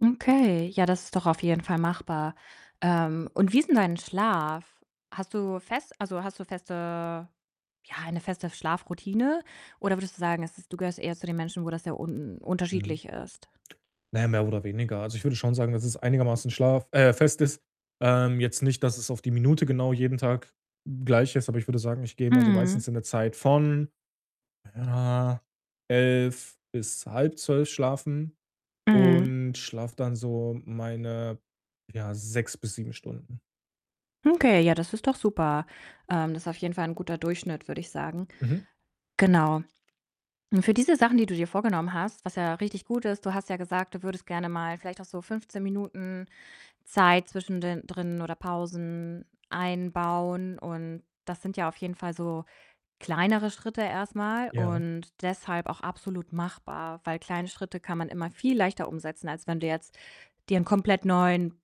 Okay, ja, das ist doch auf jeden Fall machbar. Ähm, und wie ist 'n dein Schlaf? Hast du fest also, hast du feste ja, eine feste Schlafroutine? Oder würdest du sagen, es ist du gehörst eher zu den Menschen, wo das sehr un Mhm. unterschiedlich ist? Na, mehr oder weniger. Also, ich würde schon sagen, dass es einigermaßen Schlaf äh, fest ist. Ähm, jetzt nicht, dass es auf die Minute genau jeden Tag gleich ist, aber ich würde sagen, ich gehe immer so Mhm. meistens in der Zeit von, ja, 23:00 bis 23:30 schlafen Mhm. und schlafe dann so meine, ja, 6 bis 7 Stunden. Okay, ja, das ist doch super. Ähm, das ist auf jeden Fall 'n guter Durchschnitt, würde ich sagen. Mhm. Genau. Und für diese Sachen, die du dir vorgenommen hast, was ja richtig gut ist du hast ja gesagt, du würdest gerne mal vielleicht auch so 15 Minuten Zeit zwischen den drin oder Pausen einbauen, und das sind ja auf jeden Fall so kleinere Schritte erst mal Ja. und deshalb auch absolut machbar, weil kleine Schritte kann man immer viel leichter umsetzen, als wenn du jetzt dir 'nen komplett neuen,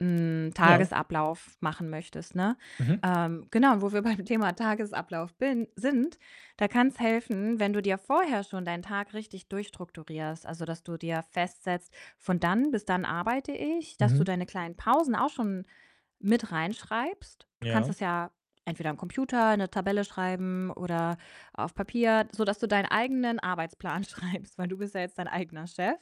hm, Ja. Tagesablauf machen möchtest, ne? Mhm. Ähm, genau und wo wir beim Thema Tagesablauf bin sind, da kann's helfen, wenn du dir vorher schon deinen Tag richtig durchstrukturierst. Also, dass du dir festsetzt, „von dann bis dann arbeite ich“, dass du Mhm. deine kleinen Pausen auch schon mit reinschreibst. Du kannst Ja. das ja entweder am Computer in 'ne Tabelle schreiben oder auf Papier, sodass du deinen eigenen Arbeitsplan schreibst, weil du bist ja jetzt dein eigener Chef.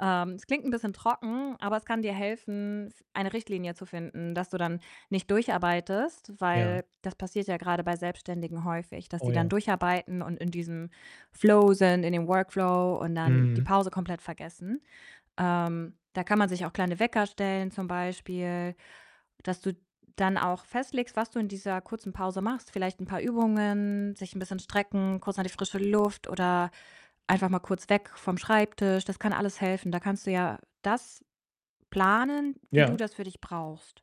Ähm, es klingt 'n bisschen trocken, aber es kann dir helfen, f eine Richtlinie zu finden, dass du dann nicht durcharbeitest, Ja. weil das passiert ja grade bei Selbstständigen häufig, dass Oh sie dann ja. durcharbeiten und in diesem Flow sind, in dem Workflow und dann die Mhm. Pause komplett vergessen. Ähm, da kann man sich auch kleine Wecker stellen zum Beispiel, dass du dann auch festlegst, was du in dieser kurzen Pause machst. Vielleicht 'n paar Übungen, sich 'n bisschen strecken, kurz an die frische Luft oder einfach mal kurz weg vom Schreibtisch. Das kann alles helfen. Da kannst du ja das planen, wie du Ja. das für dich brauchst.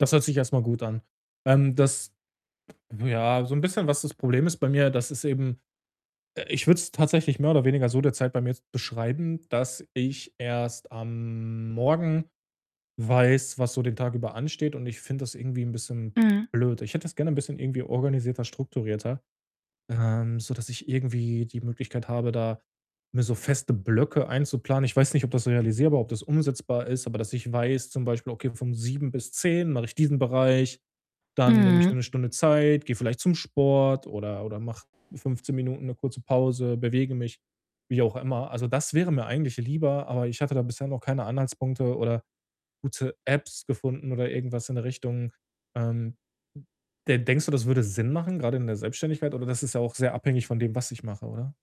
Das hört sich erst mal gut an. Ähm, das ja, so 'n bisschen, was das Problem ist bei mir, dass es eben äh, ich würde es tatsächlich mehr oder weniger so derzeit bei mir jetzt beschreiben, dass ich erst am Morgen weiß, was so den Tag über ansteht und ich finde das irgendwie 'n bisschen Mhm. blöd. Ich hätte das gerne 'n bisschen irgendwie organisierter, strukturierter, ähm, sodass ich irgendwie die Möglichkeit habe, da mir so feste Blöcke einzuplanen. Ich weiß nicht, ob das realisierbar, ob das umsetzbar ist, aber dass ich weiß, zum Beispiel „Okay, von 7:00 bis 10:00 mache ich diesen Bereich, dann nehme ich mir Mhm. 'ne Stunde Zeit, gehe vielleicht zum Sport oder oder mache 15 Minuten 'ne kurze Pause, bewege mich“, wie auch immer. Also, das wäre mir eigentlich lieber, aber ich hatte da bisher noch keine Anhaltspunkte oder gute Apps gefunden oder irgendwas in der Richtung. Ähm, de denkst du, das würde Sinn machen, grade in der Selbstständigkeit? Oder das ist ja auch sehr abhängig von dem, was ich mache, oder?